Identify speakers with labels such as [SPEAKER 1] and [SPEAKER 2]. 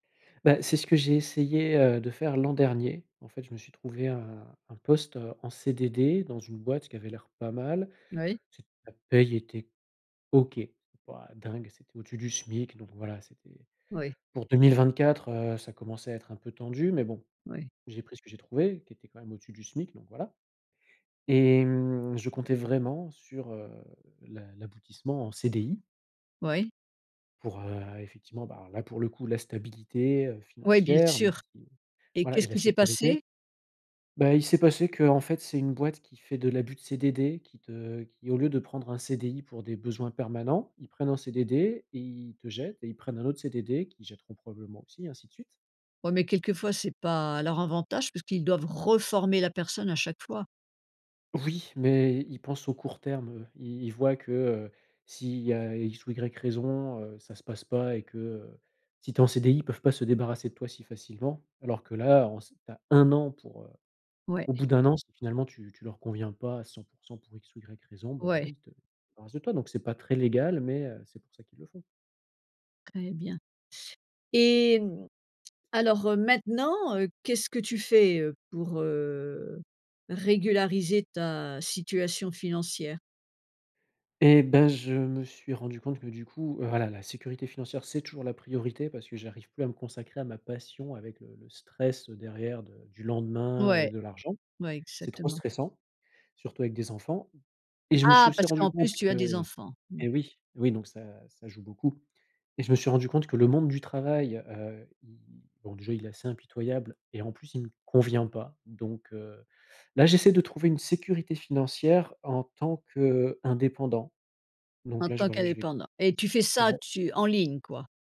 [SPEAKER 1] Bah c'est ce que j'ai essayé, heu, de faire l'an dernier. En fait je me suis trouvé un un poste, heu, en CDD dans une boîte qui avait l'air pas mal,
[SPEAKER 2] Moui.
[SPEAKER 1] c'était, la paye était OK, pas dingue, c'était au-dessus du SMIC donc voilà c'était
[SPEAKER 2] Oui.
[SPEAKER 1] pour 2024, heu, ça commençait à être un peu tendu, mais bon
[SPEAKER 2] Oui.
[SPEAKER 1] j'ai pris ce que j'ai trouvé qui était quand même au-dessus du SMIC, donc voilà, et mmh, je comptais vraiment sur, heu, l'a l'aboutissement en CDI.
[SPEAKER 2] Oui.
[SPEAKER 1] Pour, heu, effectivement bah là pour le coup la stabilité, heu,
[SPEAKER 2] Oui, bien
[SPEAKER 1] financière et
[SPEAKER 2] sûr.
[SPEAKER 1] puis,
[SPEAKER 2] Et
[SPEAKER 1] voilà et
[SPEAKER 2] qu'est-ce
[SPEAKER 1] la
[SPEAKER 2] qui s'est
[SPEAKER 1] sécurité
[SPEAKER 2] passé?
[SPEAKER 1] Bah il s'est passé qu'en fait c'est une boîte qui fait de l'abus de CDD, qui te qui au lieu de prendre un CDI pour des besoins permanents, ils prennent un CDD et ils te jettent et ils prennent un autre CDD qu'ils jetteront probablement aussi et ainsi de suite.
[SPEAKER 2] Ouais mais quelquefois, c'est pas à leur avantage puisqu'ils doivent reformer la personne à chaque fois.
[SPEAKER 1] Oui, mais i ils pensent au court terme, heu, i ils voient que, heu, s'il y a X ou Y raisons, heu, ça se passe pas et que, heu, si tu es en CDI, ils peuvent pas se débarrasser de toi si facilement, alors que là on sait que tu as 1 an pour, heu,
[SPEAKER 2] Ouais.
[SPEAKER 1] au bout d'1 an si finalement tu tu leur conviens pas à 100 % pour X ou Y raisons, bah voilà
[SPEAKER 2] Ouais.
[SPEAKER 1] ils te ils se débarrassent de toi, donc c'est pas très légal, mais, heu, c'est pour ça qu'ils le font.
[SPEAKER 2] Très bien, et mmh, alors, heu, maintenant, heu, qu'est-ce que tu fais, heu, pour, heu, régulariser ta situation financière?
[SPEAKER 1] Et ben je me suis rendu compte que du coup, voilà la sécurité financière c'est toujours la priorité parce que j'arrive plus à me consacrer à ma passion avec, heu, le stress, heu, derrière de du lendemain et
[SPEAKER 2] Ouais.
[SPEAKER 1] de l'argent.
[SPEAKER 2] Ouais,
[SPEAKER 1] C'est trop
[SPEAKER 2] exactement.
[SPEAKER 1] stressant, surtout avec des enfants, et je me suis
[SPEAKER 2] Ah
[SPEAKER 1] aussi
[SPEAKER 2] parce
[SPEAKER 1] rendu
[SPEAKER 2] qu'en
[SPEAKER 1] compte
[SPEAKER 2] plus tu as des
[SPEAKER 1] que
[SPEAKER 2] enfants. Mmh.
[SPEAKER 1] et oui, oui donc ça ça joue beaucoup, et je me suis rendu compte que le monde du travail, heu, il il, bon déjà il est assez impitoyable, et en plus il me convient pas, donc, heu, là j'essaie de trouver une sécurité financière en tant qu'indépendant, donc
[SPEAKER 2] En
[SPEAKER 1] là, je,
[SPEAKER 2] tant
[SPEAKER 1] voilà je vais
[SPEAKER 2] qu'indépendant, et tu fais ça,
[SPEAKER 1] ouais.
[SPEAKER 2] tu en ligne quoi.